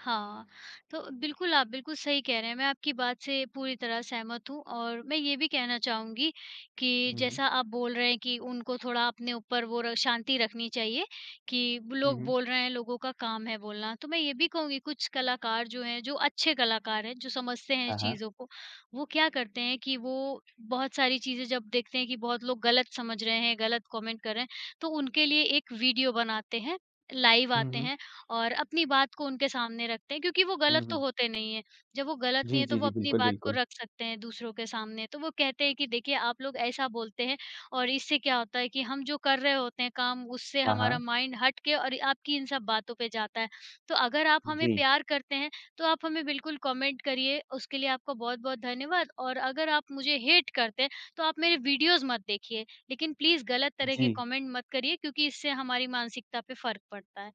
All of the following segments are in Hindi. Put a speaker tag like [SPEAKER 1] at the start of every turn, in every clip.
[SPEAKER 1] हाँ, तो बिल्कुल आप, बिल्कुल सही कह रहे हैं, मैं आपकी बात से पूरी तरह सहमत हूँ और मैं ये भी कहना चाहूँगी कि
[SPEAKER 2] हुँ, हुँ।
[SPEAKER 1] जैसा आप बोल रहे हैं, कि उनको थोड़ा अपने ऊपर वो र शांति रखनी चाहिए कि
[SPEAKER 2] हुँ,
[SPEAKER 1] लोग
[SPEAKER 2] हुँ।
[SPEAKER 1] बोल रहे हैं, लोगों का काम है बोलना। तो मैं ये भी कहूँगी कुछ कलाकार जो हैं, जो अच्छे कलाकार हैं, जो समझते हैं
[SPEAKER 2] हाँ, हाँ।
[SPEAKER 1] चीज़ों को, वो क्या करते हैं कि वो बहुत सारी चीज़ें जब देखते हैं कि बहुत लोग गलत समझ रहे हैं, गलत कॉमेंट कर रहे हैं, तो उनके लिए एक वीडियो बनाते हैं, लाइव
[SPEAKER 2] हुँ,
[SPEAKER 1] आते
[SPEAKER 2] हुँ।
[SPEAKER 1] हैं और अपनी बात को उनके सामने रखते हैं, क्योंकि वो गलत
[SPEAKER 2] हुँ,
[SPEAKER 1] तो
[SPEAKER 2] हुँ।
[SPEAKER 1] होते नहीं हैं, जब वो गलत नहीं
[SPEAKER 2] जी,
[SPEAKER 1] है, तो
[SPEAKER 2] जी,
[SPEAKER 1] वो
[SPEAKER 2] जी।
[SPEAKER 1] अपनी
[SPEAKER 2] बिल्कुल,
[SPEAKER 1] बात को
[SPEAKER 2] बिल्कुल।
[SPEAKER 1] रख सकते हैं दूसरों के सामने। तो वो कहते हैं कि देखिए आप लोग ऐसा बोलते हैं और इससे क्या होता है, कि हम जो कर रहे होते हैं काम उससे
[SPEAKER 2] हाँ,
[SPEAKER 1] हमारा
[SPEAKER 2] हाँ।
[SPEAKER 1] माइंड हटके और आपकी इन सब बातों पे जाता है। तो अगर आप हमें
[SPEAKER 2] जी।
[SPEAKER 1] प्यार करते हैं, तो आप हमें बिल्कुल कॉमेंट करिए, उसके लिए आपको बहुत-बहुत धन्यवाद और अगर आप मुझे हेट करते हैं, तो आप मेरे वीडियोज़ मत देखिए, लेकिन प्लीज़ गलत तरह के
[SPEAKER 2] जी।
[SPEAKER 1] कॉमेंट मत करिए, क्योंकि इससे हमारी मानसिकता पे फ़र्क पड़ता है।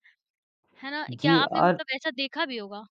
[SPEAKER 1] है ना? क्या
[SPEAKER 2] जी
[SPEAKER 1] आपने
[SPEAKER 2] और
[SPEAKER 1] मतलब ऐसा देखा भी होगा?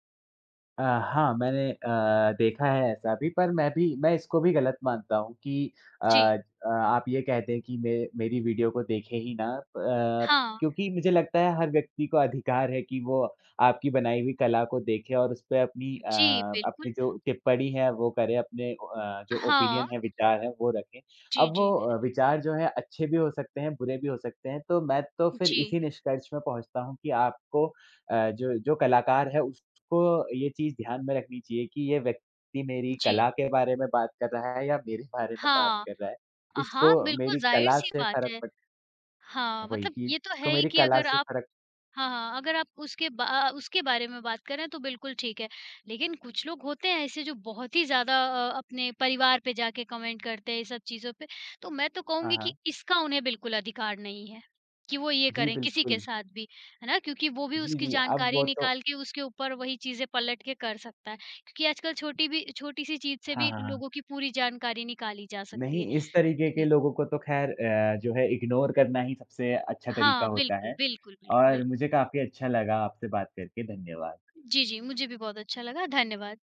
[SPEAKER 2] अ, हाँ, मैंने अ, देखा है ऐसा भी, पर मैं भी मैं इसको भी गलत मानता हूँ कि अ
[SPEAKER 1] जी।
[SPEAKER 2] अ, आप ये कहते हैं कि मे मेरी वीडियो को देखें ही ना, प
[SPEAKER 1] हाँ।
[SPEAKER 2] क्योंकि मुझे लगता है हर व्यक्ति को अधिकार है, कि वो आपकी बनाई हुई कला को देखे और उस पे अपनी अ,
[SPEAKER 1] जी,
[SPEAKER 2] अपनी
[SPEAKER 1] बिल्कुल।
[SPEAKER 2] जो टिप्पणी है वो करे, अपने ओ अ, जो
[SPEAKER 1] हाँ।
[SPEAKER 2] ओपिनियन है, विचार है वो रखें।
[SPEAKER 1] जी,
[SPEAKER 2] अब
[SPEAKER 1] जी।
[SPEAKER 2] वो विचार जो है, अच्छे भी हो सकते हैं, बुरे भी हो सकते हैं, तो मैं तो फिर
[SPEAKER 1] जी।
[SPEAKER 2] इसी निष्कर्ष में पहुँचता हूँ कि आपको अ, जो, जो कलाकार है उसको ये चीज़ ध्यान में रखनी चाहिए कि ये व्यक्ति मेरी
[SPEAKER 1] जी।
[SPEAKER 2] कला के बारे में बात कर रहा है या मेरे बारे में बात
[SPEAKER 1] हाँ।
[SPEAKER 2] कर रहा है।
[SPEAKER 1] अ, हाँ,
[SPEAKER 2] इसको
[SPEAKER 1] बिल्कुल
[SPEAKER 2] मेरी कला
[SPEAKER 1] ज़ाहिर-सी
[SPEAKER 2] से
[SPEAKER 1] बात
[SPEAKER 2] फ़र्क
[SPEAKER 1] है।
[SPEAKER 2] पड़
[SPEAKER 1] हाँ,
[SPEAKER 2] वही
[SPEAKER 1] मतलब
[SPEAKER 2] कि
[SPEAKER 1] ये तो
[SPEAKER 2] इसको
[SPEAKER 1] है ही
[SPEAKER 2] मेरी
[SPEAKER 1] कि
[SPEAKER 2] कला
[SPEAKER 1] अगर
[SPEAKER 2] से
[SPEAKER 1] आप
[SPEAKER 2] फ़र्क
[SPEAKER 1] हाँ, हाँ अगर आप उसके बा अ, उसके बारे में बात करें तो बिल्कुल ठीक है, लेकिन कुछ लोग होते हैं ऐसे जो बहुत ही ज़्यादा अ, अपने परिवार पे जाके कमेंट करते हैं ये सब चीज़ों पे। तो मैं तो
[SPEAKER 2] हाँ,
[SPEAKER 1] कहूँगी कि
[SPEAKER 2] हाँ।
[SPEAKER 1] इसका उन्हें बिल्कुल अधिकार नहीं है, कि वो ये
[SPEAKER 2] जी,
[SPEAKER 1] करें किसी के
[SPEAKER 2] बिल्कुल।
[SPEAKER 1] साथ भी। है ना? क्योंकि वो भी
[SPEAKER 2] जी,
[SPEAKER 1] उसकी
[SPEAKER 2] जी, अब
[SPEAKER 1] जानकारी
[SPEAKER 2] वो तो
[SPEAKER 1] निकाल के उसके ऊपर वहीं चीज़ें पलट के कर सकता है, क्योंकि आजकल छोटी भी छोटी-सी चीज़ से
[SPEAKER 2] हाँ,
[SPEAKER 1] भी
[SPEAKER 2] हाँ, हाँ।
[SPEAKER 1] लोगों की पूरी जानकारी निकाली जा सकती
[SPEAKER 2] नहीं,
[SPEAKER 1] है।
[SPEAKER 2] इस तरीके के
[SPEAKER 1] जी।
[SPEAKER 2] लोगों को तो खैर अ, जो है इग्नोर करना ही सबसे अच्छा तरीका
[SPEAKER 1] हाँ,
[SPEAKER 2] होता
[SPEAKER 1] बिल्कुल,
[SPEAKER 2] है,
[SPEAKER 1] बिल्कुल, बिल्कुल,
[SPEAKER 2] और
[SPEAKER 1] बिल्
[SPEAKER 2] मुझे काफ़ी अच्छा लगा आपसे बात करके, धन्यवाद।
[SPEAKER 1] जी, जी। मुझे भी बहुत अच्छा लगा, धन्यवाद।